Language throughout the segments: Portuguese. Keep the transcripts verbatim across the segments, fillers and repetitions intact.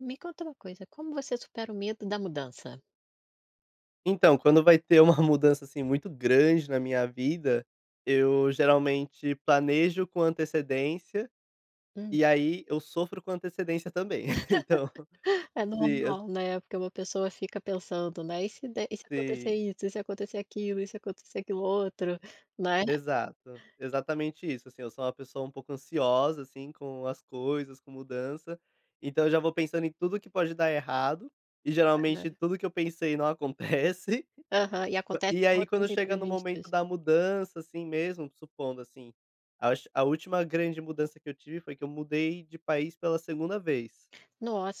Me conta uma coisa, como você supera o medo da mudança? Então, quando vai ter uma mudança assim muito grande na minha vida, eu geralmente planejo com antecedência, Hum. e aí eu sofro com antecedência também, então. É Siim, ex normal, né. Porque uma pessoa fica pensando, né: "E se der e se acontecer Sim. isso? E se acontecer aquilo? E se acontecer aquilo outro?" Né? Exato exatamente isso assim, eu sou uma pessoa um pouco ansiosa, assim, com as coisas, com mudança. Então, eu já vou pensando em tudo que pode dar errado, e É né. geralmente tudo que eu pensei não acontece. Aham, e Ma acontece e aí, outros quando chega no momento imprevistos. da mudança, assim mesmo, supondo assim, acho a última grande mudança que eu tive foi que eu mudei de país pela segunda vez.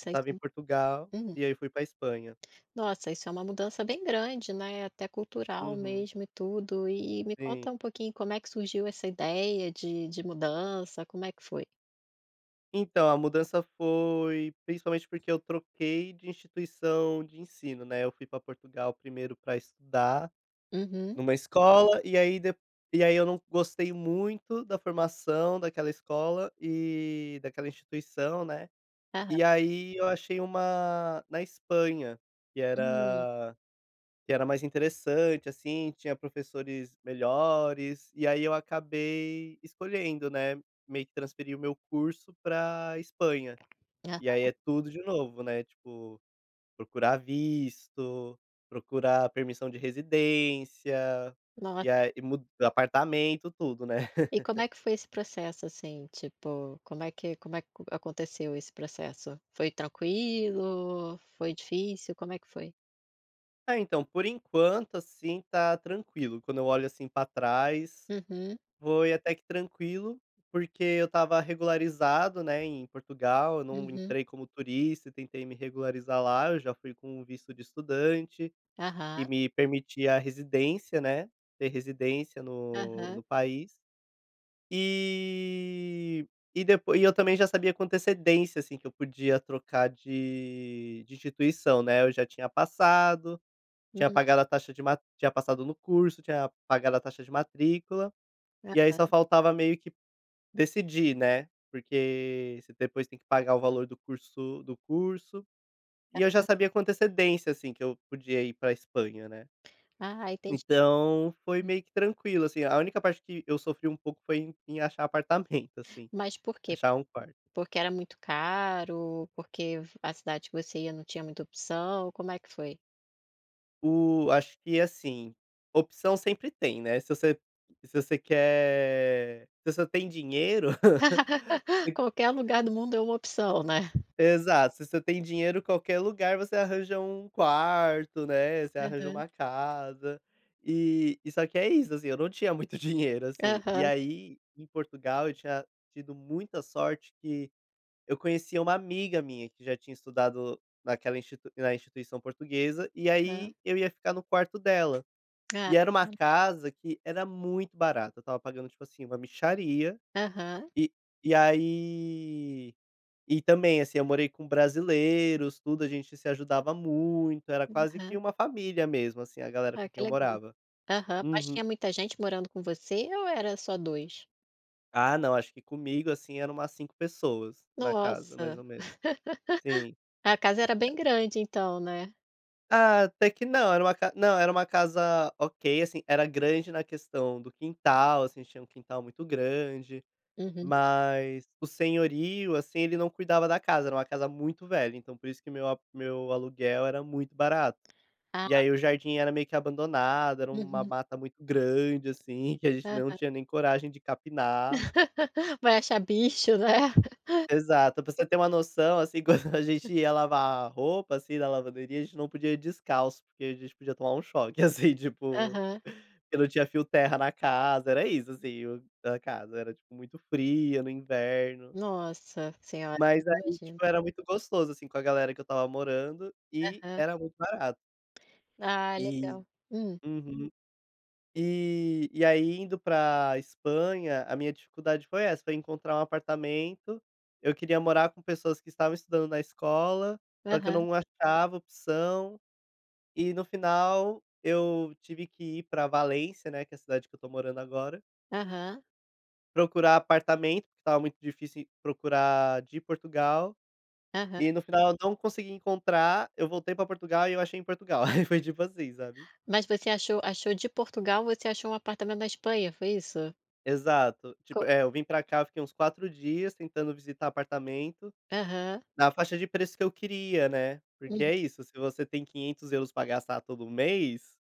Eu estava em isso. Portugal, Hum. e aí fui pra Espanha. Nossa isso é uma mudança bem grande né, é até cultural Uhum. mesmo e tudo. E e me Sim. conta um pouquinho como é que surgiu essa ideia de de mudança como é que foi? Então a mudança foi principalmente porque eu troquei de instituição de ensino, né? Eu fui pra Portugal primeiro pra estudar Uhum. numa escola e aí de e aí eu não gostei muito da formação daquela escola e daquela instituição, né? Aham. E aí eu achei uma na Espanha que Hum. era que era mais interessante, assim, tinha professores melhores e aí eu acabei escolhendo, né, meio que transferir o meu curso pra Espanha. E aí Aham. é tudo de novo, né, tipo, procurar visto, procurar permissão de residência e Nossa. a e mu apartamento, tudo, né. E como é que foi esse processo assim tipo, como é que como é que aconteceu esse processo? Foi tranquilo, foi difícil? Como é que foi? Ah, então, por enquanto, assim, tá tranquilo, quando eu olho, assim, pra trás, Uhum. foi até que tranquilo, porque eu estava regularizado, né, em Portugal, eu não Uhum. entrei como turista, tentei me regularizar lá, eu já fui com um visto de estudante e Aham. me permitia a residência, né, ter residência no Aham. no país. E e depois e eu também já sabia com antecedência, assim, que eu podia trocar de de instituição, né, eu já tinha passado, tinha Uhum. pagado a taxa de ma tinha passado no curso, tinha pagado a taxa de matrícula, e aí, só Aham. faltava meio que decidir, né, porque você depois tem que pagar o valor do curso do curso, e eu já Aham. sabia com antecedência, assim, que eu podia ir pra Espanha, né. Ah, entendi. Então foi Hum. meio que tranquilo, assim, a única parte que eu sofri um pouco foi em em achar apartamento, assim, Mas por quê? achar um quarto. Por que era muito caro? Por que v a cidade que você ia não tinha muita opção, como é que foi? O acho que assim, opção sempre tem, né, se você se você quer se você tem dinheiro, você Qualquer lugar do mundo é uma opção, né? Exato, se você tem dinheiro, qualquer lugar você arranja um quarto, né, você arranja Aham. uma casa, e e só que é isso, assim, eu não tinha muito dinheiro assim, e Aham. aí em Portugal eu tinha tido muita sorte que eu conhecia uma amiga minha que já tinha estudado naquela institui na instituição portuguesa, e Aham. aí eu ia ficar no quarto dela. Ah. E era uma [unintelligible] casa que era muito barata, eu estava pagando tipo assim uma mixaria, Aham. e e aí, e também assim eu morei com brasileiros, tudo a gente se ajudava muito, era quase que Aham. uma família mesmo assim a galera Ah, com quem que eu legal. morava. Aham, mas Uhum. tinha muita gente morando com você ou era só dois? Ah, não, acho que comigo assim era umas cinco pessoas na casa, Nossa. mais ou menos, sim, A casa era é. bem grande então, né? Ah, até que não era uma ca não era uma casa, ok, assim, era grande na questão do quintal, assim, tinha um quintal muito grande, Uhum. mas o senhorio, assim, ele não cuidava da casa, era uma casa muito velha, então por isso que meu a meu aluguel era muito barato e Ah. aí o jardim era meio que abandonado, era uma Uhum. mata muito grande, assim, que a gente não Aham. tinha nem coragem de capinar. Vai achar bicho, né? Exato, pra você ter uma noção, assim, quando a gente ia lavar a roupa, assim, na lavanderia, a gente não podia ir descalço porque a gente podia tomar choque, assim, tipo, Aham. que não tinha fio terra na casa, era isso, assim, o a casa era tipo muito fria no inverno Nossa Senhora, Mas aí, imagino. tipo, era muito gostoso, assim, com a galera que eu estava morando, e Aham. era muito barato. Ah, E, legal. Hum. uhum. E e aí, indo pra Espanha, a minha dificuldade foi essa pra encontrar um apartamento, eu queria morar com pessoas que estavam estudando na escola, só que eu Aham. não achava opção, e no final eu tive que ir pra Valência, né, que é a cidade que eu estou morando agora Aham. procurar apartamento, porque estava muito difícil procurar de Portugal, Aham. e no final eu não consegui encontrar, eu voltei para Portugal e eu achei em Portugal, aí foi tipo assim, sabe? Mas você achou achou de Portugal, você achou um apartamento na Espanha, foi isso? Exato, tipo, Com é, eu vim para cá, fiquei uns quatro dias tentando visitar apartamento Aham. na faixa de preço que eu queria, né, porque Hum. é isso, se você tem quinhentos euros para gastar todo mês,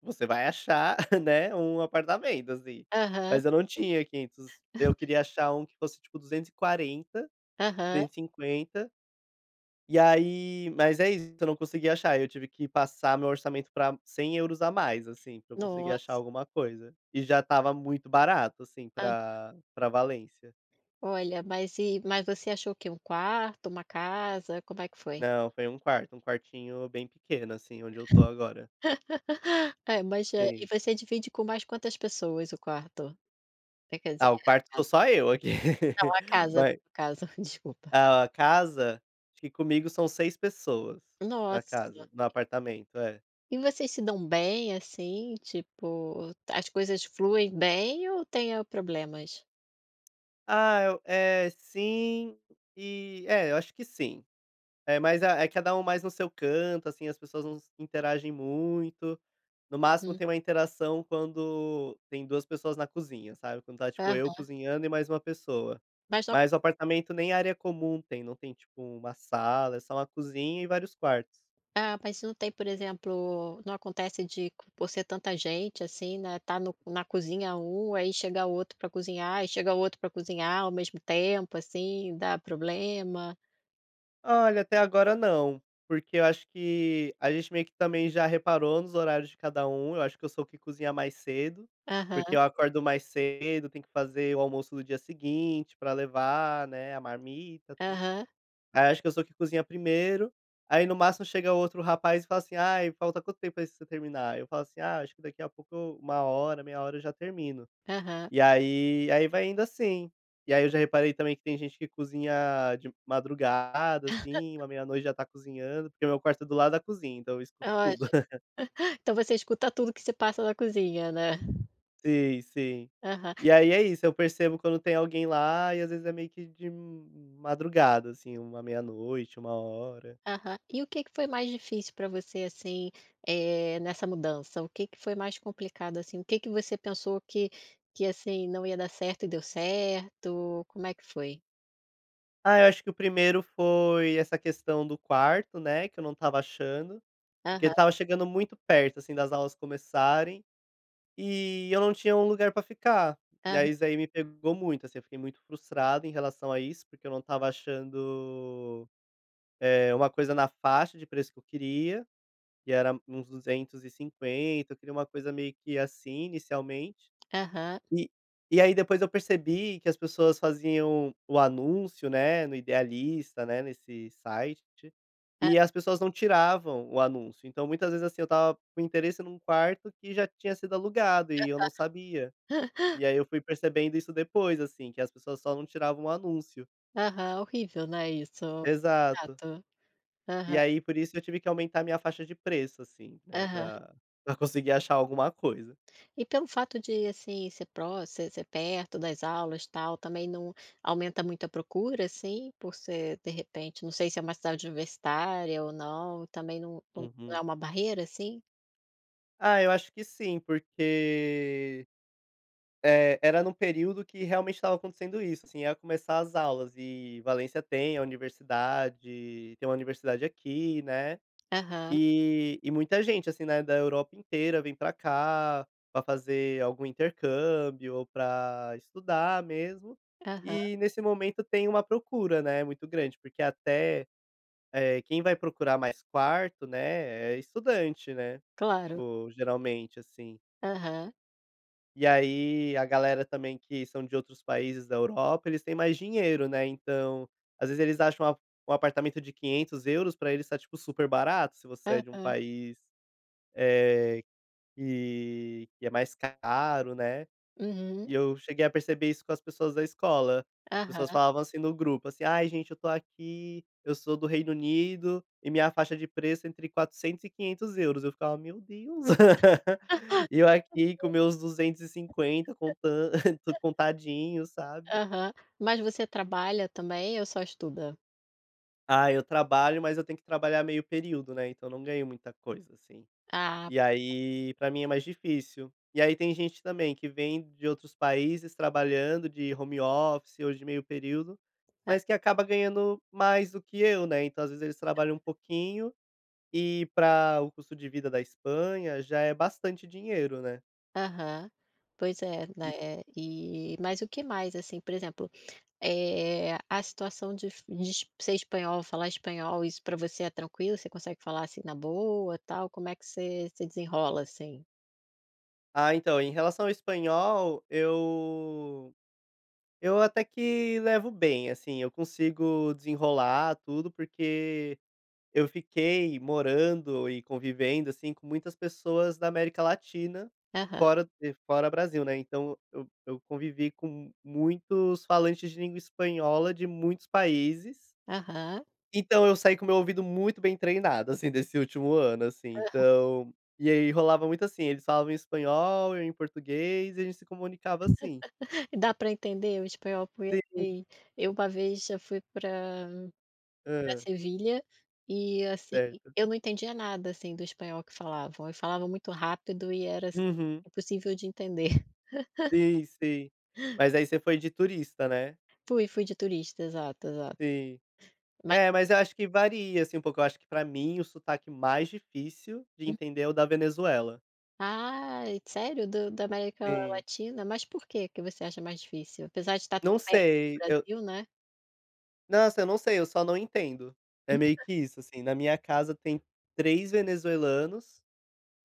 você vai achar, né, um apartamento assim, Aham. mas eu não tinha quinhentos, eu queria achar que fosse tipo duzentos e quarenta, Aham. duzentos e cinquenta, e aí mas é isso, eu não consegui achar, eu tive que passar meu orçamento pra cem euros a mais, assim, pra que eu conseguisse achar Nossa. alguma coisa, e já estava muito barato, assim, Aham. pra pra Valência. Olha, mas e mas você achou o que, um quarto, uma casa, como é que foi? Não, foi um quarto, um quartinho bem pequeno, assim, onde eu tô agora. É, mas, eh, e Sei. você divide com mais quantas pessoas o quarto? É quer dizer, Ah o quarto a tô casa? só eu aqui. Não a casa Mas casa desculpa. A a casa? Eu acho que comigo são seis pessoas na Nossa. casa, no apartamento, é. E vocês se dão bem, assim, tipo, as coisas fluem bem ou tem problemas? Ah, eu, eh, sim, e, é, eu acho que sim. É, mas é cada um mais no seu canto, assim, as pessoas não se interagem muito, no máximo Uhum. tem uma interação quando tem duas pessoas na cozinha, sabe? Quando tá tipo eu Aham. cozinhando e mais uma pessoa. Mas o Mas o apartamento nem área comum tem, não tem tipo uma sala, é só uma cozinha e vários quartos. Ah, mas não tem, por exemplo, não acontece de por ser tanta gente assim, né, tá no na cozinha um, aí chega outro pra cozinhar e chega outro pra cozinhar ao mesmo tempo, assim, dá problema? Olha, até agora não, porque eu acho que a gente meio que, também, já reparou nos horários de cada um, eu acho que eu soube cozinhar mais cedo, porque Aham. eu acordo mais cedo, tenho que fazer o almoço do dia seguinte pra levar, né, a marmita tudo. Aham. Aí, acho que eu sou que cozinha primeiro aí, no máximo chega o outro rapaz e fala assim: "Ai, falta quanto tempo pra você terminar?", aí eu falo assim: "Ah, acho que daqui a pouco. uma hora, meia hora, eu já termino", Aham. e, aí aí, vai indo assim. E, aí, eu já reparei também que tem gente que cozinha de madrugada, assim, uma meia noite, já tá cozinhando, porque o meu quarto é do lado da cozinha, então eu escuto Olha, tudo. então você escuta tudo que se passa na cozinha, né? Sim, sim. Aham. E, aí, é isso, eu percebo quando tem alguém lá e, às vezes, é meio que de madrugada, assim, uma meia noite, uma hora. Aham. E o que que foi mais difícil pra você assim, eh, nessa mudança? O que que foi mais complicado assim? O que que você pensou que que, assim, não ia dar certo, e deu certo? Como é que foi? Ah, eu acho que o primeiro foi essa questão do quarto, né, que eu não estava achando, porque Aham. estava chegando muito perto, assim, das aulas começarem e eu não tinha um lugar pra ficar e, Hã. aí, isso daí me pegou muito assim, eu fiquei muito frustrado em relação a isso, porque eu não estava achando, eh, uma coisa na faixa de preço que eu queria, que era uns duzentos e cinquenta, eu queria uma coisa meio que, assim, inicialmente Aham. e e, aí, depois eu percebi que as pessoas faziam o anúncio, né, no Idealista, né, nesse site Hã. e as pessoas não tiravam o anúncio, então, muitas vezes, assim, eu estava com o interesse num quarto e já tinha sido alugado e eu não Aham. sabia e aí eu fui percebendo isso depois, assim, que as pessoas só não tirava anúncio. Aham, horrível, né, isso? Exato. Chato. Aham. E, aí, por isso eu tive que aumentar minha faixa de preço assim, né, Aham. para conseguir achar alguma coisa. E pelo fato de, assim, ser proximo ser ser perto das aulas tal, também não aumenta muito a procura, assim? Por ser, de repente, não sei, se é uma cidade universitária ou não, também, não não é Uhum. uma barreira, assim? Ah, eu acho que sim, porque, eh, era no período que, realmente, estava acontecendo isso, assim, ia começar as aulas, e Valencia tem a universidade tem uma universidade aqui, né, Aham. e e muita gente, assim, né, da Europa inteira, vem pra cá, pra fazer algum intercâmbio ou pra estudar mesmo, Aham. e nesse momento tem uma procura, né, muito grande, porque até, eh, quem vai procurar mais quarto, né, é estudante, né, Claro. ou, geralmente, é assim. Aham. E, aí, a galera também, que são de outros países da Europa, eles têm mais dinheiro, né, então, às vezes, eles acham um um apartamento de quinhentos euros pra eles está tipo super barato, se você é de Aham. país, eh, que que é mais caro, né, Uhum. e eu cheguei a perceber isso com as pessoas da escola, as pessoas Aham. falavam, assim, no grupo, assim: "Ai, gente, eu estou aqui, eu sou do Reino Unido, e minha faixa de preço é entre quatrocentos euros e quinhentos euros,", e eu ficava: "Meu Deus!" e eu aqui com meus duzentos e cinquenta euros contando tudo contadinho, sabe. Aham, mas você trabalha também eu só estuda? Ah, eu trabalho, mas eu tenho que trabalhar meio período, né, então não ganho muita coisa, assim, Ah. e, aí, pra mim é mais difícil e, aí, tem gente também que vem de outros países trabalhando de home office, ou meio período, É. mas que acaba ganhando mais do que eu, né, então, às vezes, eles trabalham pouquinho, e pra o custo de vida da Espanha, já é bastante dinheiro, né. Aham, pois é, E. né, e mas o que mais assim, por exemplo, eh, a situação de de ser espanhol, falar espanhol, isso pra você é tranquilo? Você consegue falar, assim, na boa tal, como é que você você desenrola assim? Ah, então, em relação ao espanhol, eu eu até que levo bem, assim, eu consigo desenrolar tudo porque eu fiquei morando e convivendo, assim, com muitas pessoas da América Latina, Aham. fora de fora Brasil, né, então eu eu eu convivi com muitos falantes de língua espanhola de muitos países Aham. então, eu saí com o meu ouvido muito bem treinado, assim, desse último ano, assim, Aham. então, e aí rolava muito, assim, eles falavam espanhol, eu em português, e a gente se comunicava, assim. Dá para entender o espanhol, foi Sim. assim, eu uma vez já fui pra pra Hã. Sevilha, e assim, Certo. eu não entendia nada, assim, do espanhol que falavam, e falavam muito rápido, e era, assim, Uhum. impossível de entender. Sim, sim mas aí você foi de turista, né. Fui, fui de turista exato, exato. Sim, Ma é, mas eu acho que varia, assim, um pouco, eu acho que para mim o sotaque mais difícil de Hum. entender é o da Venezuela. Ai, sério, do da América Sim. Latina, mas por que que você acha mais difícil? Apesar de tá tão Não perto do sei, eu Brasil, né. Nossa, eu não sei, eu só não entendo, é meio que isso, assim, na minha casa tem três venezuelanos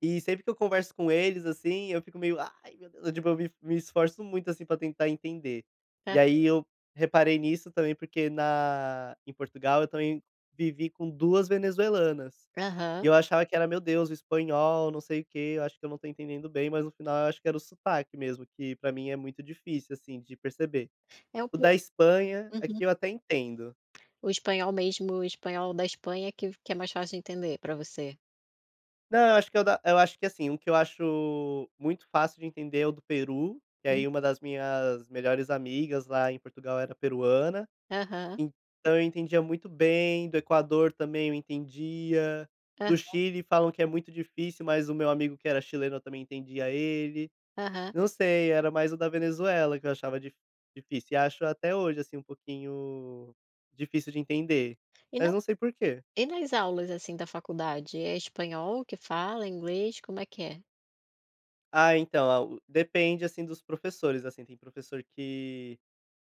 e sempre que eu converso com eles, assim, eu fico meio, "Ai, meu Deus!", eu tipo eu me me esforço muito, assim, para tentar entender, e É. aí eu reparei nisso também porque na em Portugal eu também vivi com duas venezuelanas e Aham. eu achava que era, "Meu Deus, o espanhol não sei o quê, eu acho que eu não tô entendendo bem", mas no final eu acho que era o sotaque mesmo que pra mim é muito difícil, assim, de perceber, É um o pouco da Espanha uhum. aqui eu até entendo. O espanhol mesmo, espanhol da Espanha, que que é mais fácil entender para você? Não, acho que é o da eu acho que, assim, um que eu acho muito fácil de entender é o do Peru, que Hum. aí uma das minhas melhores amigas lá em Portugal era peruana, Aham. então eu entendia muito bem, do Equador também eu entendia, do Aham. Chile falam que é muito difícil, mas o meu amigo que era chileno, eu também entendia ele, Aham. não sei, era mais o da Venezuela que eu achava dif difícil e acho até hoje, assim, um pouquinho difícil de entender, E na mas não sei porquê. e nas aulas, assim, da faculdade, é espanhol que fala, inglês, como é que é? Ah, então a u depende, assim, dos professores, assim, tem professor que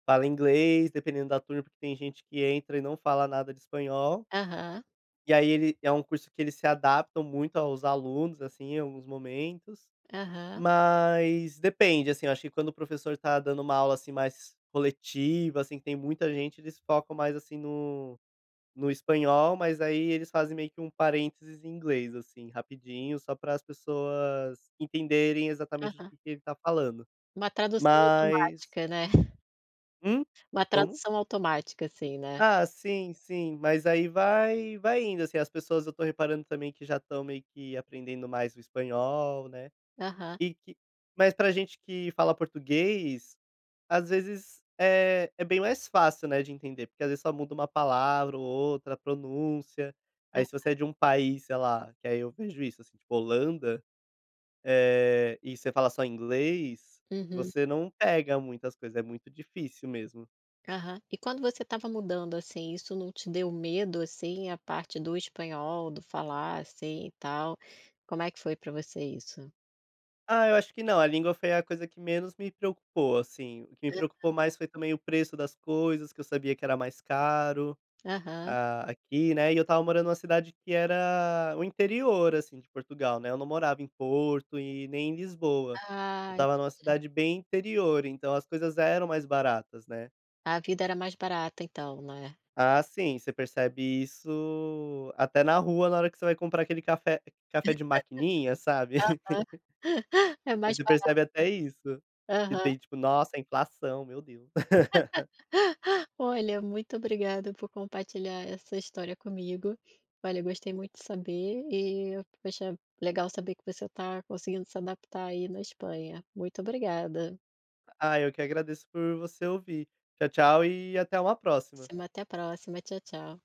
fala inglês dependendo da turma, porque tem gente que entra e não fala nada de espanhol Aham. e aí ele é um curso que ele se adaptam muito aos alunos, assim, alguns momentos, Aham. mas depende, assim, eu acho que quando o professor tá dando uma aula, assim, mais coletiva, assim, que tem muita gente eles focam mais assim, no no espanhol, mas aí eles fazem meio que parênteses em inglês, assim, rapidinho, só para as pessoas entenderem, exatamente, o Aham. que que ele tá falando. Uma tradução Mas automática, né. Hum? Uma Como? tradução automática, assim, né? Ah, sim, sim, mas aí vai vai indo, assim, as pessoas, eu tô reparando também que já estão meio que aprendendo mais o espanhol, né. Aham. E que mas pra gente que fala português, às vezes é é bem mais fácil, né, de entender porque, às vezes, só muda uma palavra ou outra, a pronúncia, aí, Aham. se você é de um país, sei lá, que aí eu vejo isso, assim, tipo, Holanda, eh, e você fala só inglês, Uhum. você não pega muito as coisas, é muito difícil mesmo. Aham. E quando você estava mudando, assim, isso não te deu medo, assim, a parte do espanhol, do falar, assim, e tal? Como é que foi pra você isso? Ah, eu acho que não, a língua foi a coisa que menos me preocupou, assim, o que me preocupou Aham. mais foi também o preço das coisas, que eu sabia que era mais caro, Aham. ah, aqui, né, e eu estava morando numa cidade que era o interior, assim, de Portugal, né, eu não morava em Porto e nem em Lisboa, eu Ah, estava entendi. numa cidade bem interior, então as coisas eram mais baratas, né. A vida era mais barata então, né. Ah, sim, você percebe isso até na rua na hora que você vai comprar aquele café café de maquininha, sabe? Aham. É mais Você barato. percebe até isso, que Aham. tem tipo: "Nossa, a inflação, meu Deus". Olha, muito obrigado por compartilhar essa história comigo. Olha, gostei muito de saber e, poxa, legal saber que você tá conseguindo se adaptar aí na Espanha. Muito obrigada. Ah, eu que agradeço por você ouvir. Tchau, tchau e até uma próxima. [unintelligible] Até a próxima. Tchau, tchau.